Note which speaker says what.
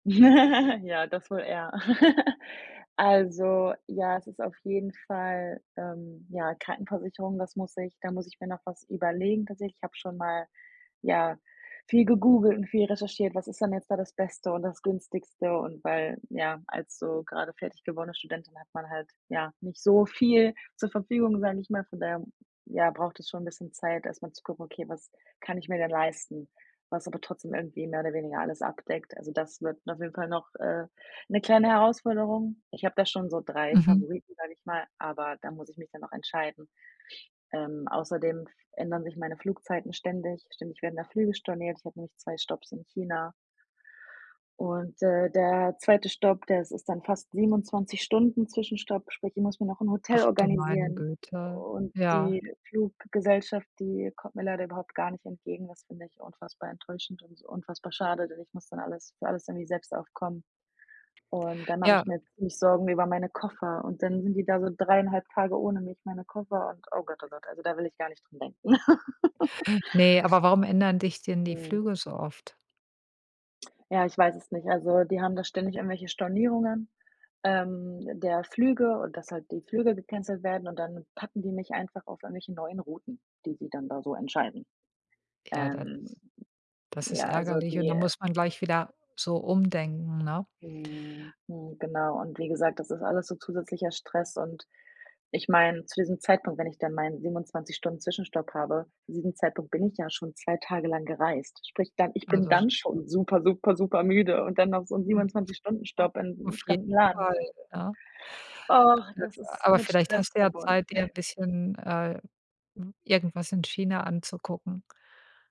Speaker 1: Ja, das wohl eher. Also, ja, es ist auf jeden Fall, ähm, ja, Krankenversicherung, das muss ich da muss ich mir noch was überlegen tatsächlich, ich habe schon mal, ja, viel gegoogelt und viel recherchiert: „Was ist denn jetzt da das Beste und das Günstigste“ und weil, ja, als so grade fertig gewordene Studentin hat man halt, ja, nicht so viel zur Verfügung, sage ich mal. Von daher, ja, braucht es schon 'n bisschen Zeit, erstmal zu gucken: „Okay, was kann ich mir denn leisten, was aber trotzdem irgendwie mehr oder weniger alles abdeckt.“ Also, das wird auf jeden Fall noch, äh, 'ne kleine Herausforderung. Ich habe da schon so 3
Speaker 2: Mhm.
Speaker 1: Favoriten, sage ich mal, aber da muss ich mich dann noch entscheiden. Ähm, außerdem f ändern sich meine Flugzeiten ständig. Ständig werden da Flüge storniert, ich habe nämlich 2 Stopps in China und d der zweite Stopp, das ist dann fast 27 Stunden Zwischenstopp, sprich, ich muss mir noch 'n Hotel
Speaker 2: Ach du meine
Speaker 1: organisieren u
Speaker 2: Güte,
Speaker 1: u und
Speaker 2: ja.
Speaker 1: die Fluggesellschaft, die kommt mir leider überhaupt gar nicht entgegen. Das finde ich unfassbar enttäuschend und so unfassbar schade, denn ich muss dann alles für alles irgendwie selbst aufkommen. Und dann mache
Speaker 2: Ja.
Speaker 1: ich
Speaker 2: W
Speaker 1: mir ziemlich Sorgen über meine Koffer und dann sind die da so 3 1/2 Tage ohne mich meine Koffer und oh Gott, oh Gott, also, da will ich gar nicht dran denken.
Speaker 2: Ne, aber warum ändern dich denn die
Speaker 1: Mhm.
Speaker 2: Flüge so oft?
Speaker 1: Ja, ich weiß es nicht. Also, die haben da ständig irgendwelche Stornierungen, ähm, der Flüge und, dass halt die Flüge gecancelt werden und dann packen die mich einfach auf irgendwelche neuen Routen, die sie dann da so entscheiden.
Speaker 2: Ja, das
Speaker 1: Ähm,
Speaker 2: das ist
Speaker 1: ja, also
Speaker 2: ärgerlich und
Speaker 1: die,
Speaker 2: da
Speaker 1: äh
Speaker 2: muss man gleich wieder so umdenken, ne?
Speaker 1: Mhm. Hm, genau und wie gesagt, das ist alles so zusätzlicher Stress und ich meine, zu diesem Zeitpunkt, wenn ich dann meinen 27- Stunden Zwischenstopp habe, zu diesem Zeitpunkt bin ich ja schon 2 Tage lang gereist. Sprich, dann ich bin
Speaker 2: Also sch
Speaker 1: dann schon super, super, super müde und dann noch so 'n
Speaker 2: Mhm,
Speaker 1: 27- Stunden
Speaker 2: a
Speaker 1: Stopp in 'nem
Speaker 2: auf jeden
Speaker 1: fremden Land.
Speaker 2: Fall, ne?
Speaker 1: Oh, das
Speaker 2: [unintelligible]
Speaker 1: ist
Speaker 2: Aber
Speaker 1: mit
Speaker 2: vielleicht
Speaker 1: Stress
Speaker 2: hast du ja
Speaker 1: verbunden.
Speaker 2: Zeit, dir 'n bisschen, äh, i irgendwas in China anzugucken.